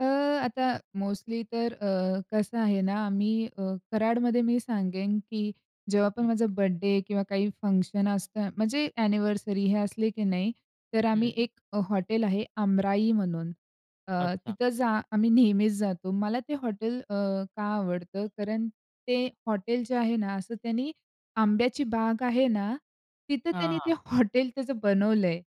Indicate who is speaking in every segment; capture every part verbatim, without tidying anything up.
Speaker 1: अ, आता मोस्टली तर अ, कसं आहे ना, आम्ही अ, कराडमध्ये मी सांगेन की जेव्हा पण
Speaker 2: हं.
Speaker 1: माझा बर्थडे किंवा काही फंक्शन असतं. म्हणजे ॲनिव्हर्सरी हे असले की नाही, तर आम्ही
Speaker 2: हं.
Speaker 1: एक अ, हॉटेल आहे अमराई म्हणून अ,
Speaker 2: अच्छा.
Speaker 1: तिथं जा आम्ही नेहमीच जातो. मला ते हॉटेल अ, का आवडतं? कारण ते हॉटेल जे आहे ना असं त्यांनी आंब्याची बाग आहे ना, तिथं
Speaker 2: हां,
Speaker 1: त्यांनी
Speaker 2: हां.
Speaker 1: ते हॉटेल त्याचं बनवलंय.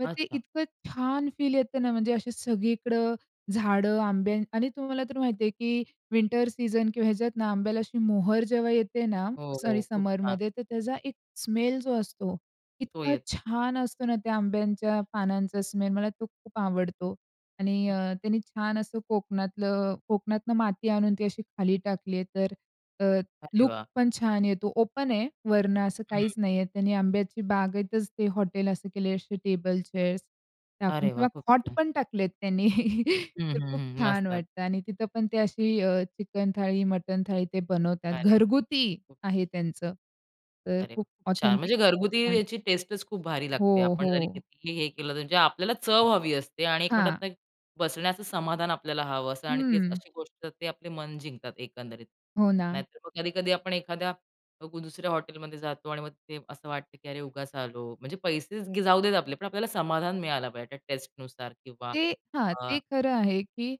Speaker 1: मग ते
Speaker 2: अच्छा.
Speaker 1: इतकं छान फील येतं ना म्हणजे असे सगळीकडं झाडं आंब्याची आणि तुम्हाला तर माहिती आहे की विंटर सीझन किंवा ह्याच्यात ना आंब्याला अशी मोहर जेव्हा येते ना,
Speaker 2: हो, हो.
Speaker 1: सॉरी
Speaker 2: खूप छान.
Speaker 1: समरमध्ये तर त्याचा एक स्मेल जो असतो
Speaker 2: तो
Speaker 1: इतका
Speaker 2: येतो.
Speaker 1: छान असतो ना त्या आंब्यांच्या पानांचा स्मेल. मला तो खूप आवडतो आणि
Speaker 2: हं.
Speaker 1: अ, त्यांनी छान असं कोकणातलं कोकणातून माती आणून ती अशी खाली टाकली आहे. तर अ,
Speaker 2: अरे
Speaker 1: लूक
Speaker 2: वाह!
Speaker 1: पण छान येतो. ओपन आहे वरनं असं काहीच
Speaker 2: हं.
Speaker 1: नाही आहे. त्यांनी आंब्याची बागेतच ते हॉटेल असं केलं आहे. अशी टेबल, चेअर्स टाकून
Speaker 2: अरे वाह!
Speaker 1: किंवा
Speaker 2: खूप
Speaker 1: हॉट
Speaker 2: छान.
Speaker 1: पण टाकलेत त्यांनी.
Speaker 2: हं,
Speaker 1: तर
Speaker 2: हं,
Speaker 1: खूप
Speaker 2: हं,
Speaker 1: छान
Speaker 2: मस्तचं.
Speaker 1: वाटतं आणि तिथे पण ते अशी अ, चिकन थाळी, मटण थाळी ते बनवतात.
Speaker 2: अरे वाह!
Speaker 1: घरगुती
Speaker 2: खूप
Speaker 1: आहे त्यांचं. तर
Speaker 2: अरे वाह!
Speaker 1: खूप
Speaker 2: खूप छान.
Speaker 1: ऑथेंटिक
Speaker 2: म्हणजे घरगुती
Speaker 1: पण.
Speaker 2: याची टेस्टच खूप भारी लागते.
Speaker 1: हो,
Speaker 2: आपण जरी
Speaker 1: हो.
Speaker 2: कितीही हे केलं तर म्हणजे आपल्याला चव हवी असते आणि एक
Speaker 1: हां.
Speaker 2: म्हणतात ना, की बसण्याचं समाधान आपल्याला हवं असत आणि त्यात
Speaker 1: हं.
Speaker 2: अशी गोष्ट ते आपले मन जिंकतात एकंदरीत.
Speaker 1: हो ना.
Speaker 2: नाहीतर मग कधी-कधी आपण एखाद्या ग दुसऱ्या हॉटेलमध्ये जातो आणि मग ते असं वाटतं की अरे, उगाच आलो. म्हणजे पैसेच ग जाऊ देत आपले, पण आपल्याला समाधान मिळायला पाहिजे, त्या टेस्टनुसार किंवा
Speaker 1: ते हां,
Speaker 2: अ
Speaker 1: ते खरं आहे की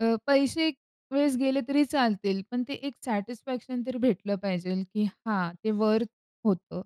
Speaker 1: अ, पैसे एक वेळेस गेले तरी चालतील, पण ते एक सॅटिस्फॅक्शन तरी भेटलं पाहिजेल की हां, ते वर्थ होतं.